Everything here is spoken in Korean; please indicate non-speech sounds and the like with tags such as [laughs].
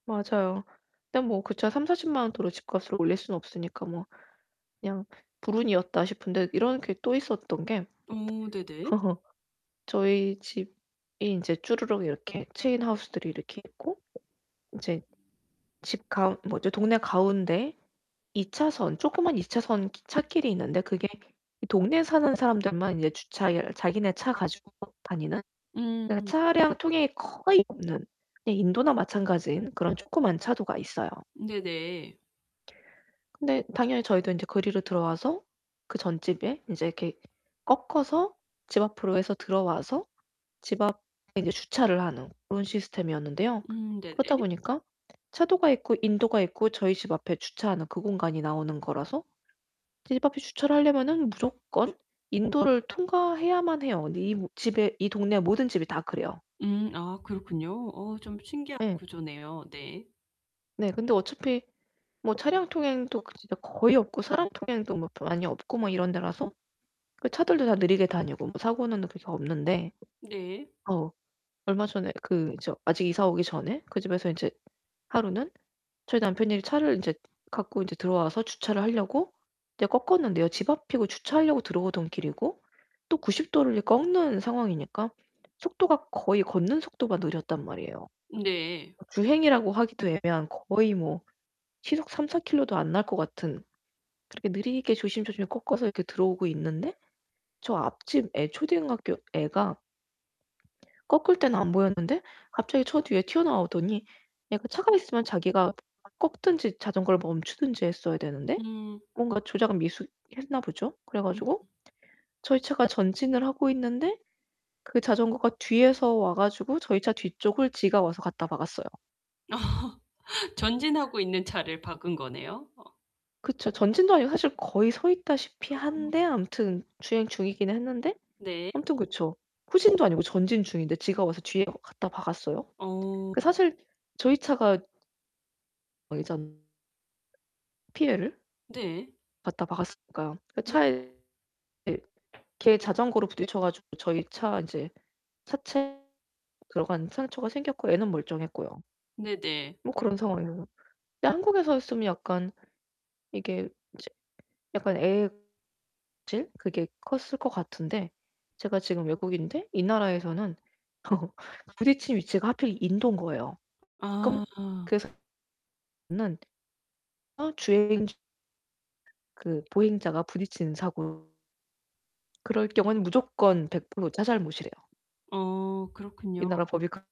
맞아요. 근데 뭐 그 차 30-40 만원 도로 집값을 올릴 수는 없으니까 뭐 그냥 불운이었다 싶은데 이런 게 또 있었던 게 어 네네. [laughs] 저희 집이 인제 쭈르륵 이렇게 체인하우스들이 이렇게 있고 인제 집 가운 뭐죠 동네 가운데 2 차선 조그만 2 차선 찻길이 있는데 그게 동네에 사는 사람들만 이제 주차열 자기네 차 가지고 다니는 네 그 음. 차량 통행이 거의 없는 네 인도나 마찬가지인 그런 조그만 차도가 있어요. 네네. 근데 당연히 저희도 인제 그리로 들어와서 그 전 집에 인제 이렇게 꺾어서 집 앞으로 해서 들어와서 집 앞에 인제 주차를 하는 그런 시스템이었는데요. 음 네네. 그러다 보니까 차도가 있고 인도가 있고 저희 집 앞에 주차하는 그 공간이 나오는 거라서 집 앞에 주차를 하려면은 무조건 인도를 통과해야만 해요. 이 모 집에 이 동네 모든 집이 다 그래요. 음 아 그렇군요. 어 좀 신기한 예. 구조네요. 네. 네 근데 어차피 뭐 차량 통행도 진짜 거의 없고 사람 통행도 뭐 많이 없고 뭐 이런 데라서 그 차들도 다 느리게 다니고 뭐 사고는 그래서 없는데 네. 어 얼마 전에 그 저 아직 이사 오기 전에 그 집에서 인제 하루는 저희 남편이 차를 인제 갖고 인제 들어와서 주차를 하려고 이제 꺾었는데요. 집 앞이고 주차하려고 들어오던 길이고 또 90 도를 꺾는 상황이니까 속도가 거의 걷는 속도보다 느렸단 말이에요. 네. 주행이라고 하기도 애매한 거의 뭐 시속 3-4 킬로도 안 날 것 같은 그렇게 느리게 조심조심 꺾어서 이렇게 들어오고 있는데 저 앞집 애 초등학교 애가 꺾을 때는 안 보였는데 갑자기 저 뒤에 튀어나오더니 얘가 차가 있으면 자기가 꺾든지 자전거를 멈추든지 했어야 되는데 음. 뭔가 조작 미수했나 보죠. 그래 음. 가지고 저희 차가 전진을 하고 있는데 그 자전거가 뒤에서 와 가지고 저희 차 뒤쪽을 지가 와서 갖다 박았어요. [laughs] 전진하고 있는 차를 박은 거네요. 어. 그쵸. 전진도 아니고 사실 거의 서 있다시피 한데 아. 아무튼 주행 중이긴 했는데 네. 아무튼 그쵸. 후진도 아니고 전진 중인데 지가 와서 뒤에 갖다 박았어요. 어. 그 사실 저희 차가 우회전 피해를 네. 갖다 박았으니까요. 그 네. 차에 예 걔 자전거로 부딪혀 가지고 저희 차 이제 차체 들어간 상처가 생겼고 애는 멀쩡했고요. 네네. 뭐 그런 상황이라 근데 한국에서 였으면 약간 이게 이제 약간 애 질 그게 컸을 것 같은데 제가 지금 외국인데 이 나라에서는 [laughs] 부딪힌 위치가 하필 인도인 거예요. 그럼 아. 그 [unintelligible] 는 어 주행 주 그 보행자가 부딪히는 사고 그럴 경우에는 무조건 100% 차 잘못이래요. 어 이 그렇군요. 나라 법이 그